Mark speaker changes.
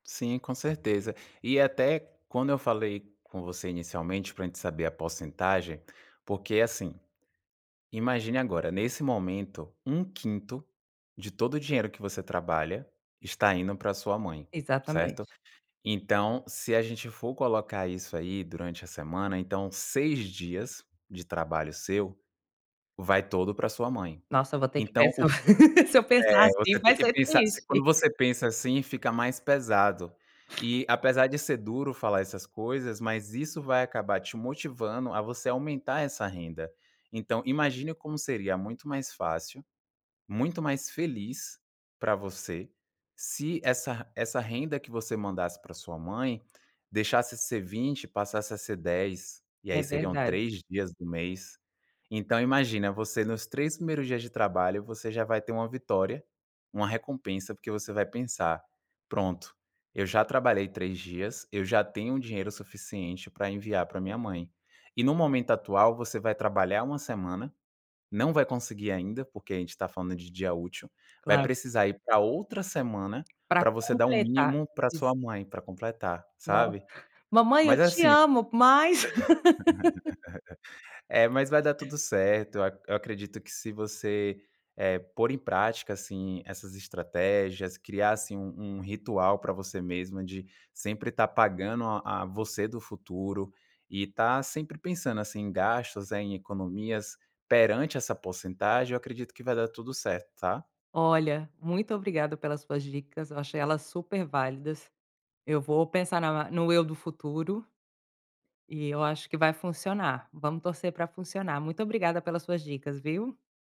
Speaker 1: Sim, com certeza. E até quando eu falei com você inicialmente pra gente saber a porcentagem, porque assim, imagine agora, nesse momento, 1/5 de todo o dinheiro que você trabalha está indo pra sua mãe, certo?
Speaker 2: Exatamente.
Speaker 1: Então, se a gente for colocar isso aí durante a semana, então 6 dias de trabalho seu, vai todo pra sua mãe.
Speaker 2: Nossa, eu vou ter que
Speaker 1: Então o
Speaker 2: pensar,
Speaker 1: que,
Speaker 2: se eu pensar
Speaker 1: eh,
Speaker 2: assim
Speaker 1: você tem
Speaker 2: vai
Speaker 1: que
Speaker 2: ser
Speaker 1: pensar,
Speaker 2: triste.
Speaker 1: quando você pensa assim fica mais pesado. E apesar de ser duro falar essas coisas, mas isso vai acabar te motivando a você aumentar essa renda. Então imagine como seria muito mais fácil, muito mais feliz pra você, se essa essa renda que você mandasse pra sua mãe, deixasse ser 20, passasse a ser 10, e aí
Speaker 2: É
Speaker 1: seriam
Speaker 2: verdade.
Speaker 1: 3 dias do mês. Então imagina, você nos 3 primeiros dias de trabalho, você já vai ter uma vitória, uma recompensa, porque você vai pensar: "Pronto, eu já trabalhei 3 dias, eu já tenho dinheiro suficiente pra enviar pra minha mãe". E no momento atual você vai trabalhar uma semana, não vai conseguir ainda, porque a gente está falando de dia útil, vai
Speaker 2: Claro.
Speaker 1: precisar ir pra outra semana
Speaker 2: Pra
Speaker 1: pra você dar o
Speaker 2: completar,
Speaker 1: mínimo pra
Speaker 2: isso.
Speaker 1: sua mãe pra completar,
Speaker 2: No
Speaker 1: sabe?
Speaker 2: mamãe eu
Speaker 1: Mas é
Speaker 2: te
Speaker 1: assim,
Speaker 2: amo mas,
Speaker 1: eh, mas vai dar tudo certo, eu acredito que se você, eh, pôr em prática assim essas estratégias, criasse um um ritual pra você mesma de sempre estar pagando a a você do futuro, e estar sempre pensando, assim, em gastos, em economias, perante essa porcentagem, eu acredito que vai dar tudo certo, tá?
Speaker 2: Olha, muito obrigada pelas suas dicas, eu achei elas super válidas. Eu vou pensar na no eu do futuro, e eu acho que vai funcionar, vamos torcer pra funcionar, muito obrigada pelas suas dicas viu?